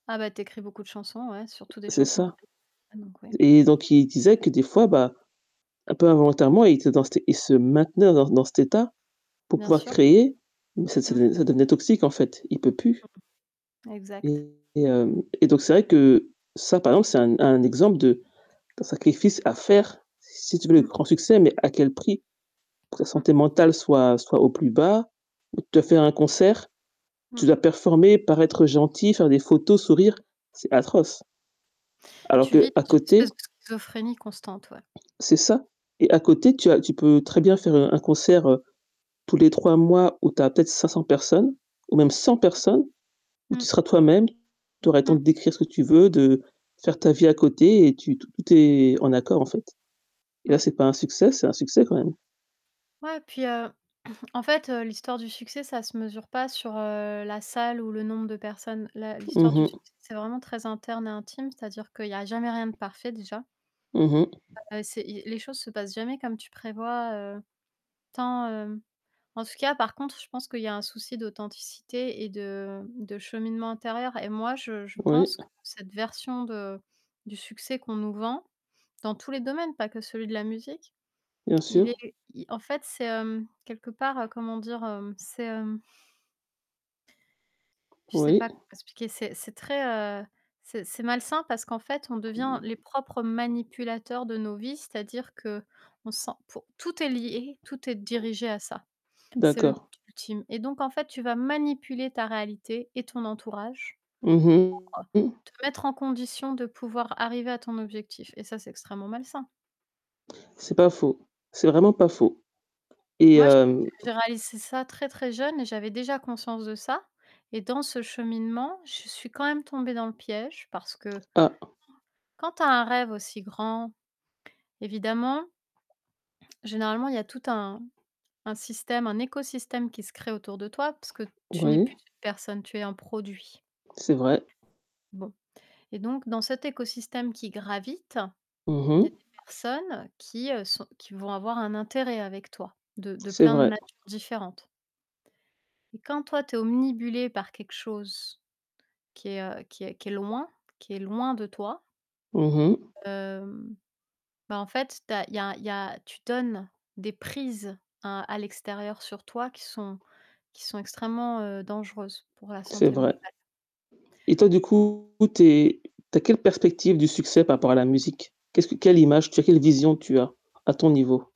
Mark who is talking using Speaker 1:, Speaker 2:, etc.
Speaker 1: Ah bah tu écris beaucoup de chansons, ouais, surtout des
Speaker 2: C'est
Speaker 1: chansons
Speaker 2: ça
Speaker 1: [unintelligible] donc ouais.
Speaker 2: et donc il disait que des fois, bah, un peu involontairement, il était dans cet e il se maintenait dans dans cet état pour
Speaker 1: Bien
Speaker 2: pouvoir
Speaker 1: sûr.
Speaker 2: créer. Mmh ça ça
Speaker 1: Mmh.
Speaker 2: de ça devenait toxique en fait. Il peut plus
Speaker 1: Exact.
Speaker 2: et et hem, et donc c'est vrai que ça par exemple c'est un un exemple de d'un sacrifice à faire, si tu veux le
Speaker 1: Mmh.
Speaker 2: grand succès, mais à quel prix? Que ta
Speaker 1: Mmh.
Speaker 2: santé mentale soit soit au plus bas, de te faire un concert, tu
Speaker 1: Mmh.
Speaker 2: dois performer, paraître gentil, faire des photos, sourire. C'est atroce! Alors
Speaker 1: Tu vis
Speaker 2: qu'à
Speaker 1: dans une
Speaker 2: côté
Speaker 1: espèce de schizophrénie constante, ouais.
Speaker 2: c'est ça et à côté, tu as tu peux très bien faire un concert, heu, tous les 3 mois où tu as peut-être 500 personnes, ou même 100 personnes, où tu
Speaker 1: Mmh.
Speaker 2: seras toi-même. Tu aurais le temps
Speaker 1: Mmh.
Speaker 2: d'écrire ce que tu veux, de faire ta vie à côté et tu tout tout est en accord en fait et là,
Speaker 1: Mmh.
Speaker 2: c'est pas un succès? C'est un succès quand même.
Speaker 1: Ouais puis, heu, en fait, heu, l'histoire du succès, ça se mesure pas sur, heu, la salle ou le nombre de personnes. La l'histoire
Speaker 2: Mmh
Speaker 1: du
Speaker 2: mh.
Speaker 1: succès c'est vraiment très interne et intime, c'est-à-dire qu'il y a jamais rien de parfait, déjà.
Speaker 2: Mmh mh.
Speaker 1: C'est i les choses se passent jamais comme tu prévois, heu, tant, hem en tout cas par contre, je pense qu'il y a un souci d'authenticité et de de cheminement intérieur et moi, je je
Speaker 2: Oui.
Speaker 1: pense que cette version de du succès qu'on nous vend- dans tous les domaines, pas que celui de la musique-
Speaker 2: Bien
Speaker 1: Il est
Speaker 2: sûr.
Speaker 1: i en fait, c'est, hem, quelque part, heu, comment dire? Hem, c'est, hem je sais
Speaker 2: Oui.
Speaker 1: pas comment l'expliquer. C'est c'est très, heu, c'est c'est malsain parce qu'en fait, on devient les propres manipulateurs de nos vies. C'est-à-dire qu'on sent pour tout est lié, tout est dirigé à ça. C'est le but
Speaker 2: D'accord.
Speaker 1: ultime et donc en fait, tu vas manipuler ta réalité et ton entourage,
Speaker 2: Mmh mh. Mmh.
Speaker 1: pour, heu, te mettre en condition de pouvoir arriver à ton objectif et ça, c'est extrêmement malsain.
Speaker 2: C'est pas faux. C'est vraiment pas faux et
Speaker 1: Moi, j'ai
Speaker 2: hem
Speaker 1: j'ai réalisé ça très, très jeune et j'avais déjà conscience de ça et dans ce cheminement, je suis quand même tombée dans le piège, parce que,
Speaker 2: Ah!
Speaker 1: quand tu as un rêve aussi grand, évidemment généralement, il y a tout un un système, un écosystème qui se crée autour de toi, parce que tu n'es
Speaker 2: Oui?
Speaker 1: plus une personne, tu es un produit.
Speaker 2: C'est vrai.
Speaker 1: Bon et donc dans cet écosystème qui gravite,
Speaker 2: Mmh
Speaker 1: il y a des
Speaker 2: mh.
Speaker 1: personnes qui, heu, sont qui vont avoir un intérêt avec toi. De de
Speaker 2: C'est
Speaker 1: plein de
Speaker 2: vrai.
Speaker 1: manières différentes et quand toi, tu es obnubilé par quelque chose qui est, heu, qui est qui est loin, qui est loin de toi
Speaker 2: Mmh mh.
Speaker 1: hem, bah en fait, tu as il y a il y a tu donnes des prises à à l'extérieur sur toi qui sont qui sont extrêmement, heu, dangereuses pour la
Speaker 2: C'est
Speaker 1: santé
Speaker 2: vrai
Speaker 1: mentale.
Speaker 2: et toi du coup tu es tu as quelle perspective du succès par rapport à la musique? Qu'est-ce que quelle image tu quelle vision tu as, à ton niveau?